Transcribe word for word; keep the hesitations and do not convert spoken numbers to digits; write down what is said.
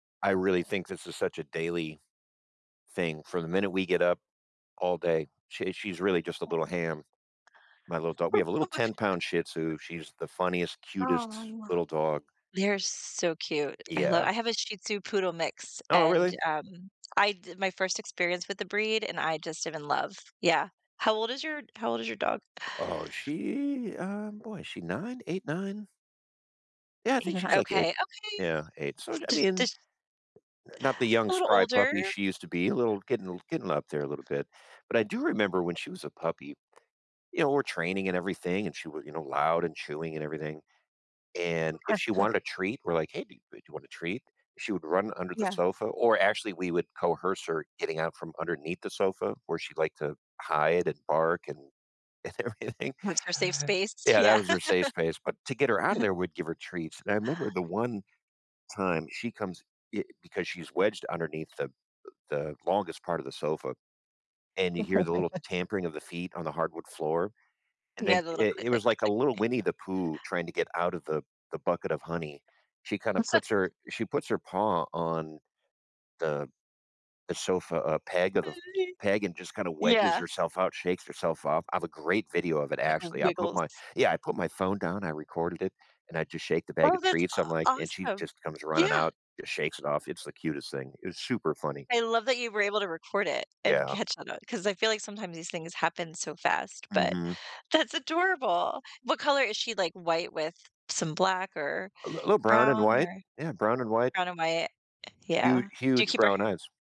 I really think this is such a daily thing., from the minute we get up all day, sh she's really just a Yeah. little ham. My little dog we have a little ten [unintelligible] pound Shih Tzu, she's the funniest, cutest Aw. little dog. They're so cute. I love Yeah. I have a Shih Tzu poodle mix, Oh, really? and, um, I di my first experience with the breed, and I just am in love. Yeah, how old is your how old is your dog? Oh, she um, boy, is she nine? eight, nine? Yeah, I You think she's kno like eight okay, okay. yeah, eight. So, I I Jus mean n jus not the young a little spry puppy, older. she used to be a little getting getting up there a little bit, but I do remember when she was a puppy, you know, we're training and everything, and she would, you know, loud and chewing and everything, and if she [unintelligible] wanted a treat, we're, like, "Hey, d do you want a treat? She would run under the Yeah. sofa or actually we would coerce her getting out from underneath the sofa where she'd like to hide and bark and and everything. Once our safe space. Yeah, that Yeah. was her safe space, but to get her out of there, we'd give her treats, and I remember the one time she comes, eh, because she's wedged underneath the the longest part of the sofa, and you hear the little tampering of the feet on the hardwood floor, and then Yeah, the little click, it click, was, click, like, a click. little Winnie the Pooh, trying to get out of the the bucket of honey. She kinda puts her she puts her paw on the the sofa, a peg of the [unintelligible] peg and just kinda wedges Yeah. herself out, shakes herself off, I have a great video of it, Like a actually, I put wiggles. my yeah, I put my phone down, I recorded it, and I just shake the bag Oh, of that's treats, I'm, a like, and she awesome. just comes running Yeah. out, just shakes it off, it's the cutest thing, it was super funny. I love that you were able to record it and Yeah. catch on 'cause I feel like sometimes these things happen so fast, but, Mhm. that's adorable. What color is she, like, white with some black, or A l little brown and brown, white. or Yeah, brown and white. brown or white? Hu Yeah. Do you huge keep her brown hair eyes.